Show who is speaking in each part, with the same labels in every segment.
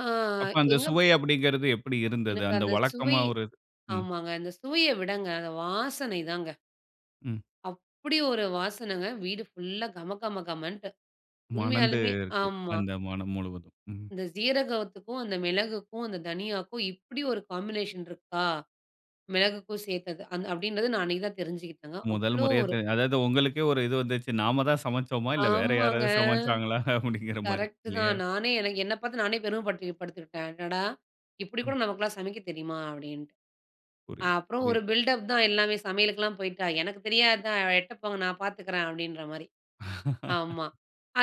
Speaker 1: ஆ
Speaker 2: அப்ப அந்த
Speaker 1: எங்க
Speaker 2: சுவை அப்படின்கிறது எப்படி இருந்தது.
Speaker 1: எனக்கு
Speaker 2: அந்த
Speaker 1: அந்த சுவை
Speaker 2: வழக்கமா ஒரு. ம்.
Speaker 1: ஆமாங்க அந்த சுவைய விட அந்த வாசனை தாங்க.
Speaker 2: ம்.
Speaker 1: அப்படி ஒரு வாசனை வீடு ஃபுல்லா கமகமகமன்னுட்டு
Speaker 2: மணந்து
Speaker 1: உண்மையாலுமே,
Speaker 2: இருக்கு.
Speaker 1: ஆமா.
Speaker 2: அந்த மனம் முழுவதும், ம்.
Speaker 1: இந்த சீரகத்துக்கும், அந்த மிளகுக்கும், அந்த தனியாக்கும் இப்படி ஒரு காம்பினேஷன் இருக்கா மிளகுக்கும் சேர்த்தது அப்படின்றது நான் அன்னைக்கு தான் தெரிஞ்சுக்கிட்டது
Speaker 2: முதல்
Speaker 1: அவ்வளோ
Speaker 2: முறையா
Speaker 1: ஒரு
Speaker 2: அதாவது உங்களுக்கே ஒரு இது வந்துடுச்சி. நாம் தான் சமைத்தோமா? இல்ல வேற
Speaker 1: ஆமாங்க.
Speaker 2: யாராவது சமைத்தாங்களா? அப்படின்கின்ற மாரி
Speaker 1: கரெக்ட்
Speaker 2: இல்லயா.
Speaker 1: தான். நானே என்னப் பாத்து நானே பெருமப்படு படுத்திட்டேன். "அடடா! இப்படி
Speaker 2: ம்.
Speaker 1: கூட நமக்குலாம் சமைக்க தெரியுமா?" அப்படின்னுட்டு.
Speaker 2: புரிது,
Speaker 1: அப்புறம் ஒரு
Speaker 2: புரிது.
Speaker 1: பில்டப் தான் எல்லாமே சமையலுக்குலாம் போய்ட்டா எனக்கு தெரியாத? எட்ட போங்க நான் பாத்துக்குறேன். அப்படின்ற மாரி. ஆமா.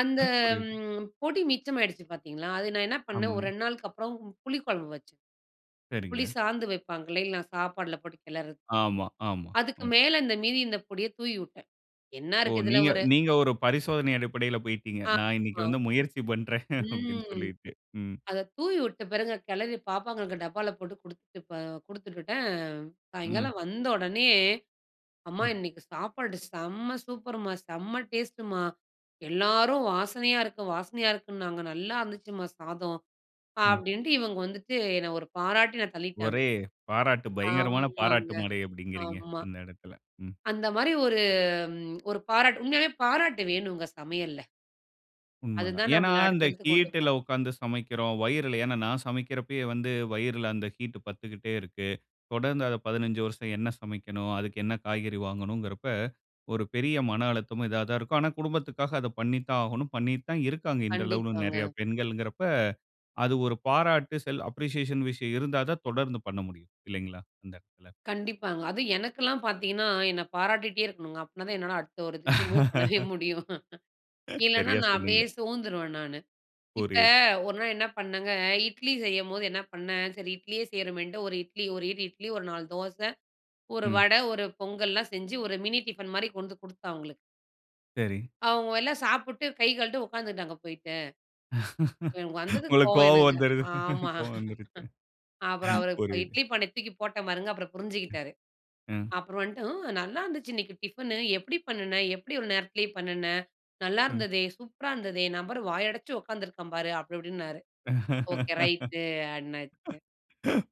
Speaker 1: அந்த
Speaker 2: புரியுது.
Speaker 1: பொடி மிச்சமாகிடுச்சு பாத்தீங்களா, அது நான் என்ன பண்ணேன் ஒரு
Speaker 2: ஆமாங்க.
Speaker 1: 2 நாளுக்கு அப்புறம் புளிக்குழம்பு வச்சேன். புளி
Speaker 2: சரிங்க.
Speaker 1: சாந்து வைப்பாங்களேல்ல, நான் சாப்பாட்டில போட்டு கிளறுது.
Speaker 2: ஆமா, ஆமா.
Speaker 1: அதற்கு
Speaker 2: ம்.
Speaker 1: மேல இந்த மீதி இந்த பொடிய தூவி விட்டேன். என்ன
Speaker 2: ஓ!
Speaker 1: இருக்குது இதில
Speaker 2: நீங்க
Speaker 1: ஒரு
Speaker 2: நீங்க ஒரு பரிசோதனை அடிப்படையில போய்டீங்க.
Speaker 1: அ
Speaker 2: நான் இன்னைக்கு
Speaker 1: ஆமா.
Speaker 2: வந்து முயற்சி பண்ணுறேன் அப்படின்னு
Speaker 1: ம்.
Speaker 2: சொல்லிட்டு. ம்.
Speaker 1: அத தூவி விட்ட பிறங்க கிளறி பாப்பாங்களங்களுக்கு டப்பால போட்டு கொடுத்துட்டு இப்ப கொடுத்துட்டுட்டேன்.
Speaker 2: ம்.
Speaker 1: சாயங்காலம் வந்த உடனே "அம்மா,
Speaker 2: ம்.
Speaker 1: இன்னைக்கு சாப்பாடு செம்ம சூப்பர்மா, செம்ம டேஸ்ட்டுமா எல்லோரும் வாசனையா இருக்கு, வாசனையா இருக்குன்னாங்க நல்லா இருந்துச்சுமா சாதம்."
Speaker 2: ம்.
Speaker 1: அப்படின்ட்டு இவங்க வந்துட்டு என்னை ஒரு பாராட்டி ந தள்ளிட்டாங்க.
Speaker 2: ஒரே பாராட்டு பயங்கரமான பாராட்டு
Speaker 1: ஆமாங்க.
Speaker 2: மழை அப்படின்கிறீங்க.
Speaker 1: ஆமா.
Speaker 2: அந்த இடத்தில. ம்.
Speaker 1: அந்த மாரி ஒரு ம் ஒரு பாராட்டு உண்மையாகவே பாராட்டு வேணும்ங்க சமையல்ல.
Speaker 2: உண்மதான்.
Speaker 1: அதுதான்
Speaker 2: ஏன்னா,
Speaker 1: நம்மள
Speaker 2: அந்த
Speaker 1: அடுத்தடுத்து கொண்டு
Speaker 2: ஹீட்ல
Speaker 1: போகும்.
Speaker 2: உட்கார்ந்து சமைக்கிறோம். வயிறில ஏன்னா நான் சமைக்கிறபோவே வந்து வயிறில அந்த ஹீட் பட்டுக்கிட்டே இருக்கு. தொடர்ந்து அத 15 வருஷம் என்ன சமைக்கணும், அதற்கு என்ன காய்கறி வாங்கணும் என்கிறப ஒரு பெரிய மன அழுத்தமும் இதுவா தான் இருக்கும். ஆனா, குடும்பத்திற்காக அத பண்ணி தான் ஆகணும். பண்ணிட்டு தான் இருக்காங்க. இந்த அளவுல நெறைய
Speaker 1: கண்டிப்பாங்க.
Speaker 2: பெண்கள் என்கிறப அது ஒரு பாராட்டு செல்ஃப் அப்ரிஷியேஷன் விஷயம் இருந்தா தான் தொடர்ந்து பண்ண முடியும் இல்லங்களா? இந்த இடத்துல.
Speaker 1: கண்டிப்பாங்க அதும் எனக்கெல்லாம் பாத்தீங்கன்னா, என்ன பாராட்டிகிட்டே இருக்கணுங்க. அப்படினா தான் என்னால அடுத்த ஒரு இதுக்கு மூவ் பண்ணவே முடியும். இல்லனா
Speaker 2: சரியா
Speaker 1: நான்
Speaker 2: சொன்னீங்க.
Speaker 1: அப்படியே சோந்துடுவேன் நானு. இப்ப
Speaker 2: புரியுது.
Speaker 1: ஒரு நாள் என்ன பண்ணேங்க, இட்லி செய்யும்போது என்ன பண்ணேன் சரி இட்லியே செய்றோமேட்டு ஒரு இட்லி, ஒரு இடு இட்லி ஒரு 4 தோசை, ஒரு
Speaker 2: ம்.
Speaker 1: வடை, ஒரு பொங்கல்லாம் செஞ்சு ஒரு மினி டிஃபன் மாரி கொண்டு கொடுத்தேன் அவங்களுக்கு.
Speaker 2: சரி.
Speaker 1: அவங்க எல்லாம் சாப்பிட்டு கை கழட்டு உட்கார்ந்துகிட்டாங்க போயிட்டு. எனக்கு வந்தது
Speaker 2: உங்களுக்கு
Speaker 1: கோவம்
Speaker 2: கோவம்
Speaker 1: எனக்கு,
Speaker 2: வந்துடுது
Speaker 1: ஆமா.
Speaker 2: கோவம் வந்துடுது.
Speaker 1: அப்புறம் அவர்
Speaker 2: புரியுது.
Speaker 1: இட்லி பானைய தூக்கி போட்டேன் பாருங்க. அப்புறம் புரிஞ்சுக்கிட்டாரு.
Speaker 2: ம்.
Speaker 1: அப்புறம் வந்துட்டு "ம் நல்லா இருந்துச்சு, இன்னைக்கு டிஃபன்னு. எப்படி பண்ணின? எப்படி ஒரு நேரத்திலேயே பண்ணின?
Speaker 2: ம்.
Speaker 1: நல்லாயிருந்ததே, சூப்பரா இருந்ததே. நபர் வாய அடைச்சு உட்காந்துருக்கேன் பாரு." அப்படி இப்படின்னாரு. Okay right. [unintelligible]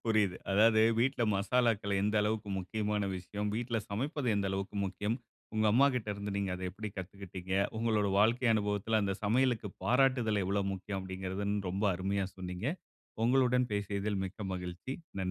Speaker 2: புரியுது. அதாவது வீட்ல மசாலாக்கள் எந்த அளவுக்கு முக்கியமான விஷயம். வீட்ல சமைப்பது எந்த அளவுக்கு முக்கியம், உங்க அம்மாகிட்ட இருந்து நீங்க அத எப்படி கத்துகிட்டீங்க, உங்களோட வாழ்க்கை அனுபவத்தில அந்த சமையலுக்கு பாராட்டுதல் எவ்வளவு முக்கியம் அப்படின்கிறது ரொம்ப அருமையா சொன்னீங்க. உங்களுடன் பேசியதில் மிக்க மகிழ்ச்சி நன்றி.